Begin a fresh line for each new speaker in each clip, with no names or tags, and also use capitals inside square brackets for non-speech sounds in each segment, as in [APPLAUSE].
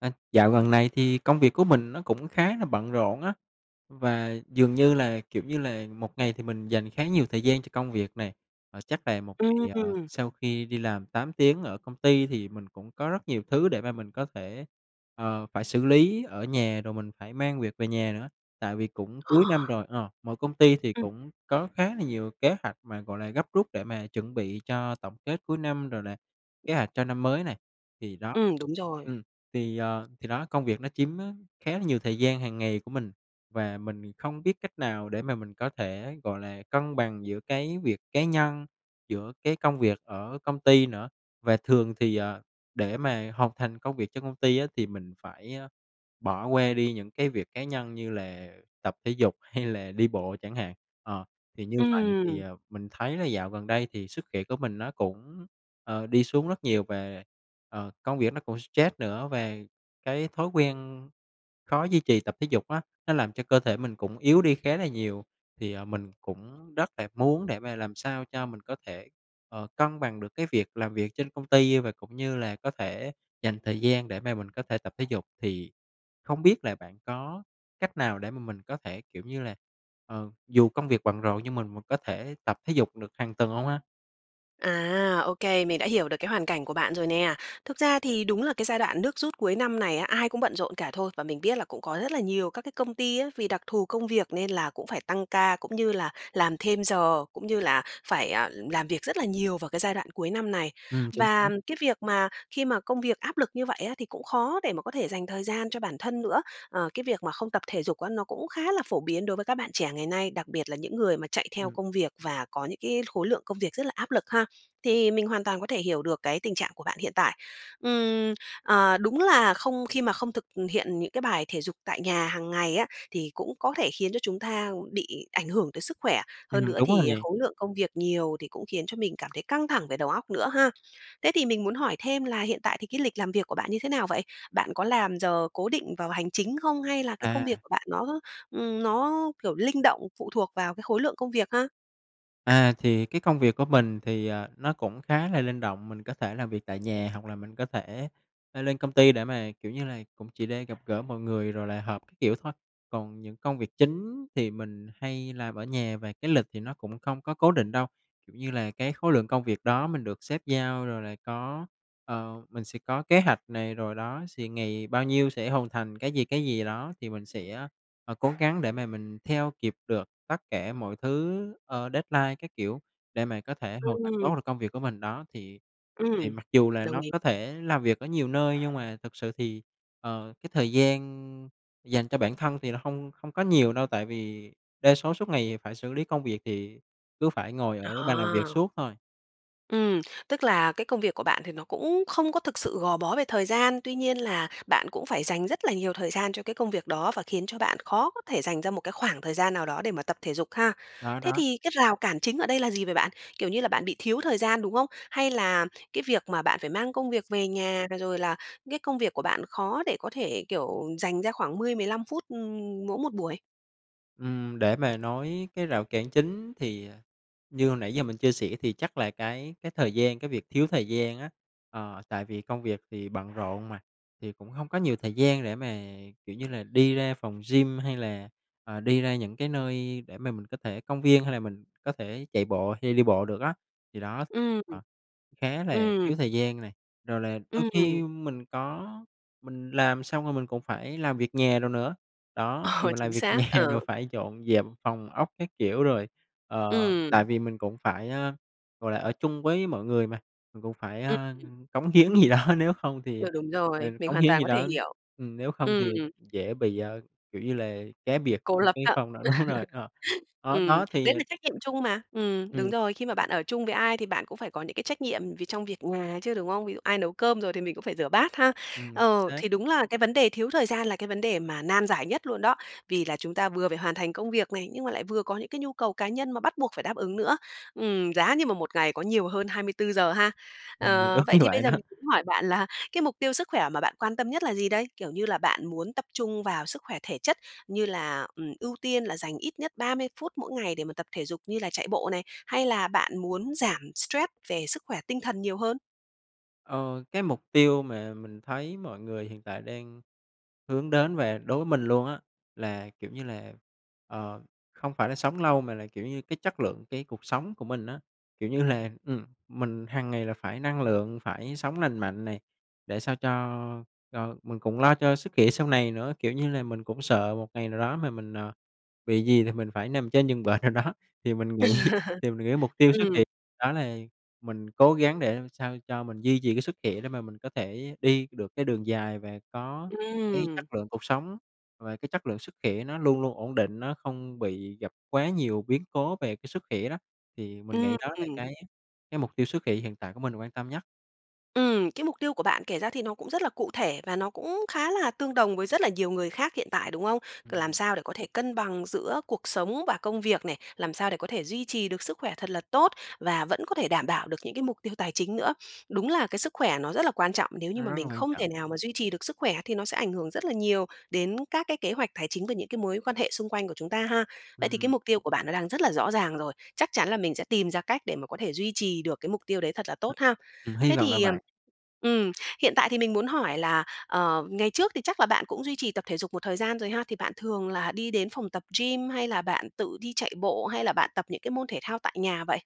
À, dạo gần này thì công việc của mình nó cũng khá là bận rộn á, và dường như là, kiểu như là, một ngày thì mình dành khá nhiều thời gian cho công việc nè. À, chắc là một ngày, ờ,
Ừm.
sau khi đi làm 8 tiếng ở công ty thì mình cũng có rất nhiều thứ để mà mình có thể, ờ, phải xử lý ở nhà rồi mình phải mang việc về nhà nữa, tại vì cũng
Ờ.
cuối năm rồi, ờ, mọi công ty thì
Ừm.
cũng có khá là nhiều kế hoạch mà, gọi là, gấp rút để mà chuẩn bị cho tổng kết cuối năm rồi là, kế hoạch cho năm mới này, thì đó.
Ừm, đúng rồi.
Ừm, thì, ờ, thì đó công việc nó chiếm á, khá là nhiều thời gian hàng ngày của mình và mình không biết cách nào để mà mình có thể, gọi là, cân bằng giữa cái việc cá nhân, giữa cái công việc ở công ty nữa. Và thường thì, ờ, để mà hoàn thành công việc trong công ty á, thì mình phải, ơ, bỏ qua đi những cái việc cá nhân như là tập thể dục hay là đi bộ chẳng hạn, ờ, thì như vậy thì,
Ừm.
ờ, mình thấy là dạo gần đây thì sức khỏe của mình nó cũng, ờ, đi xuống rất nhiều và, ờ, công việc nó cũng stress nữa và cái thói quen khó duy trì tập thể dục á, nó làm cho cơ thể mình cũng yếu đi khá là nhiều. Thì, ờ, mình cũng rất là muốn để mà làm sao cho mình có thể, ờ, cân bằng được cái việc làm việc trên công ty và cũng như là có thể dành thời gian để mà mình có thể tập thể dục. Thì không biết là bạn có cách nào để mà mình có thể, kiểu như là, ờ, dù công việc bận rộn nhưng mà mình có thể tập thể dục được hàng tuần hông ha?
À, ô kê, mình đã hiểu được cái hoàn cảnh của bạn rồi nè, thực ra thì đúng là cái giai đoạn nước rút cuối năm này á, ai cũng bận rộn cả thôi, và mình biết là cũng có rất là nhiều các cái công ty á, vì đặc thù công việc nên là cũng phải tăng ca, cũng như là làm thêm giờ, cũng như là phải, à, làm việc rất là nhiều vào cái giai đoạn cuối năm này,
Ừm, chính
và,
xác.
ừm, cái việc mà khi mà công việc áp lực như vậy á, thì cũng khó để mà có thể dành thời gian cho bản thân nữa. Ờ, cái việc mà không tập thể dục á, nó cũng khá là phổ biến đối với các bạn trẻ ngày nay, đặc biệt là những người mà chạy theo
Ừm.
công việc và có những cái khối lượng công việc rất là áp lực ha, thì mình hoàn toàn có thể hiểu được cái tình trạng của bạn hiện tại. Ừm, ờ, đúng là không khi mà không thực hiện những cái bài thể dục tại nhà hàng ngày á, thì cũng có thể khiến cho chúng ta bị ảnh hưởng tới sức khỏe, hơn
Ừm,
nữa
đúng rồi
thì
nè.
khối lượng công việc nhiều thì cũng khiến cho mình cảm thấy căng thẳng về đầu óc nữa ha. Thế thì mình muốn hỏi thêm là hiện tại thì cái lịch làm việc của bạn như thế nào vậy? Bạn có làm giờ cố định vào hành chính không hay là cái công việc
À.
của bạn nó, ừm, nó kiểu linh động, phụ thuộc vào cái khối lượng công việc ha?
À, thì cái công việc của mình thì, ờ, nó cũng khá là linh động, mình có thể làm việc tại nhà hoặc là mình có thể, ơ, lên công ty để mà, kiểu như là, cũng chỉ để gặp gỡ mọi người rồi là hợp các kiểu, thôi. Còn những công việc chính thì mình hay làm ở nhà và cái lịch thì nó cũng không có cố định đâu, kiểu như là, cái khối lượng công việc đó mình được sếp giao rồi là có, ờ, mình sẽ có kế hạch này rồi đó, xì ngày bao nhiêu sẽ hoàn thành cái gì, cái gì đó thì mình sẽ, ờ, cố gắng để mà mình theo kịp được tất cả mọi thứ, ờ, deadline, các kiểu, để mà có thể hoàn thành tốt
Ừm.
được công việc của mình. Đó thì thì
Ừm,
mặc dù là
đồng
nó
ý.
có thể làm việc ở nhiều nơi nhưng mà thực sự thì, ờ, cái thời gian dành cho bản thân thì nó hông hông có nhiều đâu, tại vì đa số suốt ngày phải xử lý công việc thì cứ phải ngồi ở bàn làm việc
À.
suốt thôi.
Ừm, tức là cái công việc của bạn thì nó cũng không có thực sự gò bó về thời gian, tuy nhiên là bạn cũng phải dành rất là nhiều thời gian cho cái công việc đó và khiến cho bạn khó có thể dành ra một cái khoảng thời gian nào đó để mà tập thể dục ha?
Đó,
Thế
đó.
thì cái rào cản chính ở đây là gì vậy bạn? Kiểu như là, bạn bị thiếu thời gian, đúng không? Hay là cái việc mà bạn phải mang công việc về nhà, rồi rồi là cái công việc của bạn khó để có thể, kiểu, dành ra khoảng mươi mười lăm phút, ừm, mỗi một buổi?
Ừm, để mà nói cái rào cản chính, thì, à, như hồi nãy giờ mình chia sẻ, thì chắc là cái cái thời gian, cái việc thiếu thời gian á. Ờ, tại vì công việc thì bận rộn mà, thì cũng hông có nhiều thời gian để mà, kiểu như là, đi ra phòng gym, hay là, ờ, đi ra những cái nơi để mà mình có thể công viên, hay là mình có thể chạy bộ, hay đi bộ được á. Thì đó,
Ừm,
ờ,
ừm.
khá là
Ừm.
thiếu thời gian nè, rồi là đôi khi
Ừm.
mình có mình làm xong rồi mình còn phải làm việc nhà đồ nữa. Đó, thì
Ờ,
mình làm
chính
việc
xác,
nhà, rồi
ờ.
phải dọn dẹp phòng ốc các kiểu rồi, ờ, tại
Ừm.
vì mình cũng phải, a, gọi là, ở chung với mọi người mà, mình cũng phải,
Ừm,
a,
ừm.
cống hiến gì đó, nếu hông
Ừ,
thì
đúng
ừ,
rồi, mình
cống
hoàn
hiến
toàn
gì
có thể
đó
hiểu.
ừm, nếu không
Ừm.
thì dễ bị, ờ, kiểu như là, cá biệt
Cô
trong
lập
cái
á. [LAUGHS]
phòng đó đúng rồi, ờ. Đó,
Ừm,
đó thì
đấy là trách nhiệm chung mà ừm, đúng
Ừm.
rồi, khi mà bạn ở chung với ai thì bạn cũng phải có những cái trách nhiệm vì trong việc nhà chứ, đúng không? Ví dụ, ai nấu cơm rồi thì mình cũng phải rửa bát ha.
Ừm
Ờ,
xác.
thì đúng là cái vấn đề thiếu thời gian là cái vấn đề mà nan giải nhất luôn đó. Vì là chúng ta vừa phải hoàn thành công việc này, nhưng mà lại vừa có những cái nhu cầu cá nhân mà bắt buộc phải đáp ứng nữa. Ừm, giá như mà một ngày có nhiều hơn 24 giờ ha.
Ừm,
Ờ,
đúng
vậy
như
thì bây
vậy
giờ
đó.
mình cũng hỏi bạn là cái mục tiêu sức khỏe mà bạn quan tâm nhất là gì đây? Kiểu như là, bạn muốn tập trung vào sức khỏe thể chất, như là, ừm, ưu tiên là dành ít nhất 30 phút mỗi ngày để mà tập thể dục như là chạy bộ này, hay là bạn muốn giảm stress về sức khỏe tinh thần nhiều hơn?
Ờ, cái mục tiêu mà mình thấy mọi người hiện tại đang hướng đến và đối với mình luôn á, là, kiểu như là, ờ, không phải là sống lâu mà là, kiểu như, cái chất lượng cái cuộc sống của mình á. Kiểu như là, ừm, mình hằng ngày là phải năng lượng, phải sống lành mạnh này, để sao cho cho mình cũng lo cho sức khỏe sau này nữa, kiểu như là, mình cũng sợ một ngày nào đó mà mình, ờ, bị gì thì mình phải nằm trên giường bệnh nào đó. Thì mình nghĩ
[LAUGHS]
thì mình nghĩ mục tiêu xuất
Ừm.
hiện đó là mình cố gắng để làm sao cho mình duy trì cái sức khỏe để mà mình có thể đi được cái đường dài và có cái
Ừm.
chất lượng cuộc sống và cái chất lượng sức khỏe nó luôn luôn ổn định, nó không bị gặp quá nhiều biến cố về cái sức khỏe đó. Thì mình
Ưm,
nghĩ đó là
ừm.
cái cái mục tiêu xuất khỏe hiện tại của mình quan tâm nhất.
Ừm, cái mục tiêu của bạn kể ra thì nó cũng rất là cụ thể và nó cũng khá là tương đồng với rất là nhiều người khác hiện tại, đúng không? Làm
Ừm.
sao để có thể cân bằng giữa cuộc sống và công việc này? Làm sao để có thể duy trì được sức khỏe thật là tốt và vẫn có thể đảm bảo được những cái mục tiêu tài chính nữa? Đúng là cái sức khỏe nó rất là quan trọng, nếu như
Nó
mà
rất là
mình
quan
không thể
trọng.
nào mà duy trì được sức khỏe thì nó sẽ ảnh hưởng rất là nhiều đến các cái kế hoạch tài chính và những cái mối quan hệ xung quanh của chúng ta ha. Vậy thì cái
Ừm.
mục tiêu của bạn nó đang rất là rõ ràng rồi, chắc chắn là mình sẽ tìm ra cách để mà có thể duy trì được cái mục tiêu đấy thật là tốt ha.
Ừm, hy
Thế
vọng là
thì, ừm,
vậy.
ừm, hiện tại thì mình muốn hỏi là, ờ, ngày trước thì chắc là bạn cũng duy trì tập thể dục một thời gian rồi ha, thì bạn thường là đi đến phòng tập gym hay là bạn tự đi chạy bộ, hay là bạn tập những cái môn thể thao tại nhà vậy?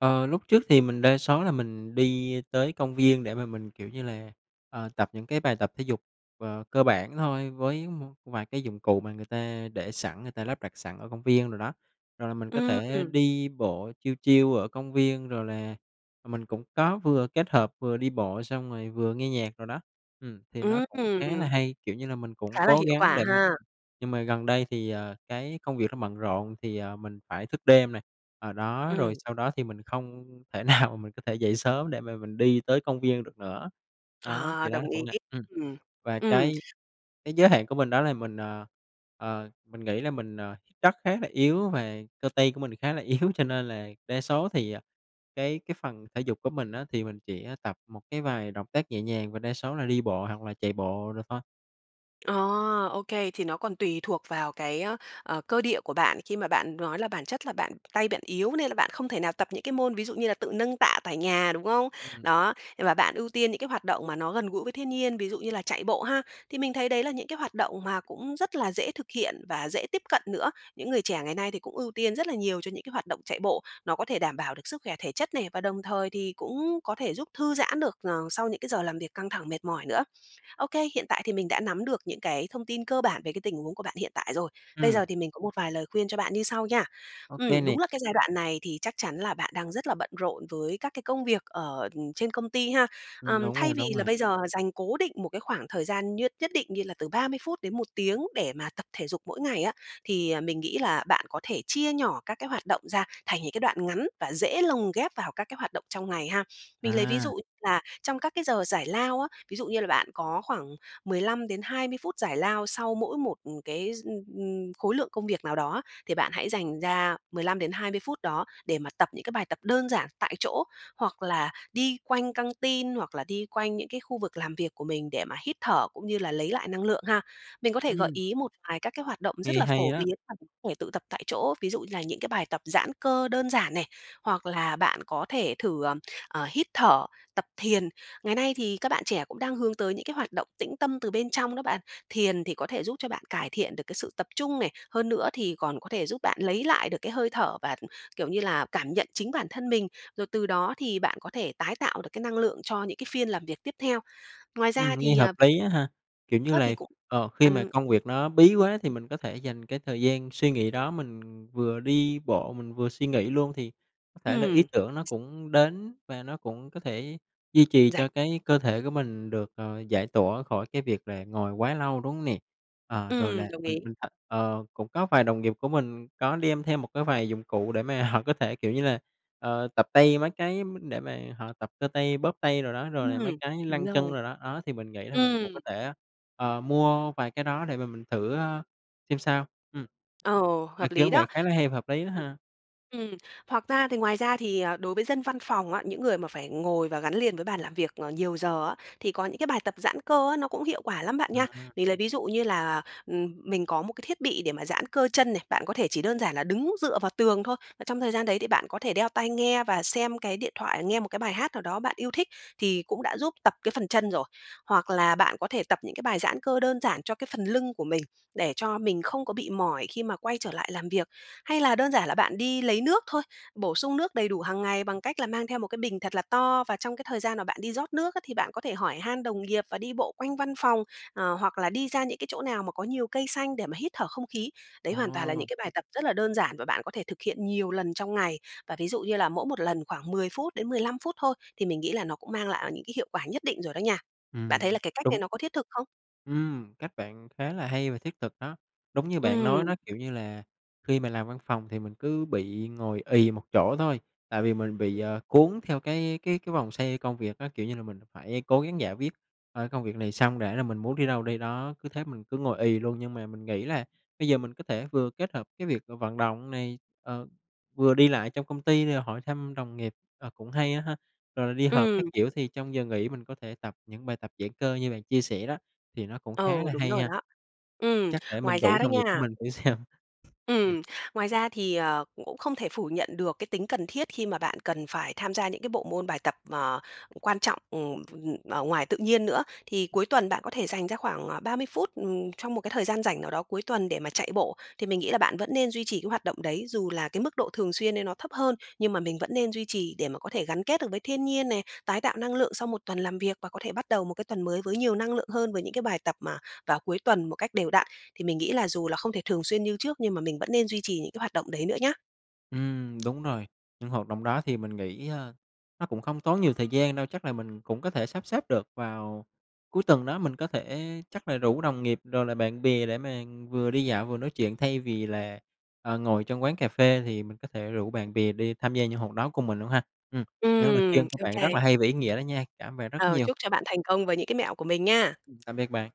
Ờ, lúc trước thì mình đa số là mình đi tới công viên để mà mình, kiểu như là, ờ, tập những cái bài tập thể dục, ờ, cơ bản thôi với một vài cái dụng cụ mà người ta để sẵn, người ta lắp đặt sẵn ở công viên đồ đó, rồi là mình có
Ưm,
thể
ừm.
đi bộ chill, chill ở công viên, rồi là, ờ, mình cũng có vừa kết hợp vừa đi bộ xong rồi vừa nghe nhạc đồ đó. Ừm, thì nó cũng khá là
Ừm.
hay, kiểu như là, mình cũng
Khá là
cố
hiệu
gắng
quả
để mà
ha.
nhưng mà gần đây thì, ờ, cái công việc nó bận rộn thì, ờ, mình phải thức đêm nè, ờ, đó, rồi
Ừm.
sau đó thì mình không thể nào mình có thể dậy sớm để mà mình đi tới công viên được nữa. Đó,
Ờ,
thì đó
đồng
cũng
ý.
là ừm,
Ừm,
và cái
ừm.
cái giới hạn của mình đó là mình, ờ, ờ, mình nghĩ là mình, ờ, chắc khá là yếu và cơ tay của mình khá là yếu cho nên là đa số thì, à, cái cái phần thể dục của mình á, thì mình chỉ, a, tập một cái vài động tác nhẹ nhàng và đa số là đi bộ hoặc là chạy bộ đồ thôi.
Ờ, OK, thì nó còn tùy thuộc vào cái, a, ờ, cơ địa của bạn khi mà bạn nói là bản chất là bạn tay bạn yếu nên là bạn không thể nào tập những cái môn ví dụ như là tự nâng tạ tại nhà, đúng không?
Ừm.
Đó, và bạn ưu tiên những cái hoạt động mà nó gần gũi với thiên nhiên, ví dụ như là chạy bộ ha, thì mình thấy đấy là những cái hoạt động mà cũng rất là dễ thực hiện và dễ tiếp cận nữa. Những người trẻ ngày nay thì cũng ưu tiên rất là nhiều cho những cái hoạt động chạy bộ, nó có thể đảm bảo được sức khỏe thể chất này, và đồng thời thì cũng có thể giúp thư giãn được, ờ, sau những cái giờ làm việc căng thẳng mệt mỏi nữa. OK, hiện tại thì mình đã nắm được những cái thông tin cơ bản về cái tình huống của bạn hiện tại rồi, bây
Ừm.
giờ thì mình có một vài lời khuyên cho bạn như sau nha.
OK
Ừm, đúng
nè.
là cái giai đoạn này thì chắc chắn là bạn đang rất là bận rộn với các cái công việc ở, ừm, trên công ty ha,
Ừm,
ừm,
đúng rồi,
thay vì
đúng
là
rồi.
bây giờ dành cố định một cái khoảng thời gian nhất nhất định như là từ 30 phút đến 1 tiếng để mà tập thể dục mỗi ngày á, thì, à, mình nghĩ là bạn có thể chia nhỏ các cái hoạt động ra thành những cái đoạn ngắn và dễ lồng ghép vào các cái hoạt động trong ngày ha. Mình lấy ví
À.
dụ là trong các cái giờ giải lao á, ví dụ như là bạn có khoảng 15-20 phút giải lao sau mỗi một, ừm, cái d ừm, ừm, khối lượng công việc nào đó á, thì bạn hãy dành ra 15-20 phút đó để mà tập những cái bài tập đơn giản tại chỗ, hoặc là đi quanh căn tin hoặc là đi quanh những cái khu vực làm việc của mình để mà hít thở cũng như là lấy lại năng lượng ha. Mình có thể gợi
Ừm.
ý một vài các cái hoạt động rất
Nghe
là
hay
phổ
á!
biến [UNINTELLIGIBLE] thể tự tập tại chỗ, ví dụ như là những cái bài tập giãn cơ đơn giản này, hoặc là bạn có thể thử, ờm, ờ, hít thở, tập thiền, ngày nay thì các bạn trẻ cũng đang hướng tới những cái hoạt động tĩnh tâm từ bên trong đó bạn. Thiền thì có thể giúp cho bạn cải thiện được cái sự tập trung này, hơn nữa thì còn có thể giúp bạn lấy lại được cái hơi thở và, kiểu như là, cảm nhận chính bản thân mình, rồi từ đó thì bạn có thể tái tạo được cái năng lượng cho những cái phiên làm việc tiếp theo. Ngoài
Ừm,
ra
nghe
thì,
hợp
ờ,
lý á ha, kiểu
[UNINTELLIGIBLE]
như
á, thì
là,
cũng
ờ, khi mà
ăn
công việc nó bí quá thì
[UNINTELLIGIBLE]
mình có thể dành cái thời gian suy nghĩ đó, mình vừa đi bộ, mình vừa suy nghĩ luôn thì có thể là ý
Ừm.
tưởng nó
[SNEEZES]
cũng đến và nó cũng có thể duy trì
Rảnh
cho cái cơ thể của mình được, ờ, giải tỏa khỏi cái việc là ngồi quá lâu, đúng hông nè? Ờ, rồi là,
Ừm, đồng
ừm,
ý.
ừm, th ờ, cũng có vài đồng nghiệp của mình có đem thêm một cái vài dụng cụ để mà họ có thể, kiểu như là, ờ, tập tay mấy cái m để mà họ tập cơ tay bóp tay đồ đó, rồi là mấy
Ừm,
cái như
đúng
lăn chân
rồi.
đồ đó, ó thì mình nghĩ là mình cũng
Ừm.
có thể, ờ, mua vài cái đó để mà mình thử, a, xem sao, ừm.
Ờ,
Ý
hợp lý
kiến bạn
đó.
khá là hay và hợp lý đó
Ừm.
ha.
Ừm, hoặc ra thì ngoài ra thì, ờ, đối với dân văn phòng á, những người mà phải ngồi và gắn liền với bàn làm việc, ờ, nhiều giờ á, thì có những cái bài tập giãn cơ á, nó cũng hiệu quả lắm bạn nha.
À.
Mình lấy ví dụ như là, ừm, mình có một cái thiết bị để mà giãn cơ chân này, bạn có thể chỉ đơn giản là đứng dựa vào tường thôi, mà trong thời gian đấy thì bạn có thể đeo tai nghe và xem cái điện thoại, nghe một cái bài hát nào đó bạn yêu thích thì cũng đã giúp tập cái phần chân rồi. Hoặc là bạn có thể tập những cái bài giãn cơ đơn giản cho cái phần lưng của mình để cho mình không có bị mỏi khi mà quay trở lại làm việc. Hay là đơn giản là bạn đi lấy nước thôi, bổ sung nước đầy đủ hàng ngày bằng cách là mang theo một cái bình thật là to và trong cái thời gian mà bạn đi rót nước á, thì bạn có thể hỏi han đồng nghiệp và đi bộ quanh văn phòng, ờ, hoặc là đi ra những cái chỗ nào mà có nhiều cây xanh để mà hít thở không khí. Đấy hoàn toàn là những
Ồ.
cái bài tập rất là đơn giản và bạn có thể thực hiện nhiều lần trong ngày, và ví dụ như là mỗi một lần khoảng 10 phút đến 15 phút thôi, thì mình nghĩ là nó cũng mang lại, à, những cái hiệu quả nhất định rồi đó nha. Bạn thấy
Ừm,
là cái cách này
đúng.
nó có thiết thực không?
Ừm, cách bạn khá là hay và thiết thực đó. Đúng như bạn nói
Ừm.
đó, kiểu như là, khi mà làm văn phòng thì mình cứ bị ngồi ì một chỗ thôi, tại vì mình bị, ờ, cuốn theo cái cái cái vòng xoay công việc á, kiểu như là mình phải cố gắng giải quyết, ờ, cái công việc này xong đã rồi mình muốn đi đâu đi đó. Cứ thế mình cứ ngồi ì luôn, nhưng mà mình nghĩ là bây giờ mình có thể vừa kết hợp cái việc v vận động này, ờ, vừa đi lại trong công ty để hỏi thăm đồng nghiệp, ờ, cũng hay á ha, rồi là đi họp các
Ừm.
kiểu thì trong giờ nghỉ mình có thể tập những bài tập giãn cơ như bạn chia sẻ đó, thì nó cũng
Ừ,
khá là
đúng
hay
rồi
nha,
đó. Ừm,
chắc để
ngoài
mình
ra
rủ
đó
đồng nghiệp của
nha
mình thử xem.
Ừm, ngoài ra thì, ờ, cũng cũng không thể phủ nhận được cái tính cần thiết khi mà bạn cần phải tham gia những cái bộ môn bài tập, ờ, quan trọng, ừm, ph ừm, ở ngoài tự nhiên nữa. Thì
[UNINTELLIGIBLE]
cuối tuần bạn có thể dành ra khoảng, à, 30 phút, ừm, trong một cái thời gian rảnh nào đó cuối tuần để mà chạy bộ, thì mình nghĩ là bạn vẫn nên duy trì cái hoạt động đấy, dù là cái mức độ thường xuyên đấy nó thấp hơn, nhưng mà mình vẫn nên duy trì để mà có thể gắn kết được với thiên nhiên này, tái tạo năng lượng sau một tuần làm việc và có thể bắt đầu một cái tuần mới với nhiều năng lượng hơn với những cái bài tập mà vào cuối tuần một cách đều đặn, thì mình nghĩ là dù là không thể thường xuyên như trước, nhưng mà mình vẫn nên duy trì những cái hoạt động đấy nữa nhá.
Ừm, đúng rồi, những hoạt động đó thì mình nghĩ, a, nó cũng không tốn nhiều thời gian đâu, chắc là mình cũng có thể sắp xếp được vào cuối tuần đó, mình có thể chắc là rủ đồng nghiệp rồi là bạn bè để mà vừa đi dạo vừa nói chuyện thay vì là, ờ, ngồi trong quán cà phê thì mình có thể rủ bạn bè đi tham gia những hoạt đó cùng mình luôn ha. Ừm, những lời khuyên
Ừm,
của bạn
OK.
rất là hay và ý nghĩa đó nha, cảm bạn rất
Ờ,
nhiều.
chúc cho bạn thành công với những cái mẹo của mình nha!
Ừm, tạm biệt bạn.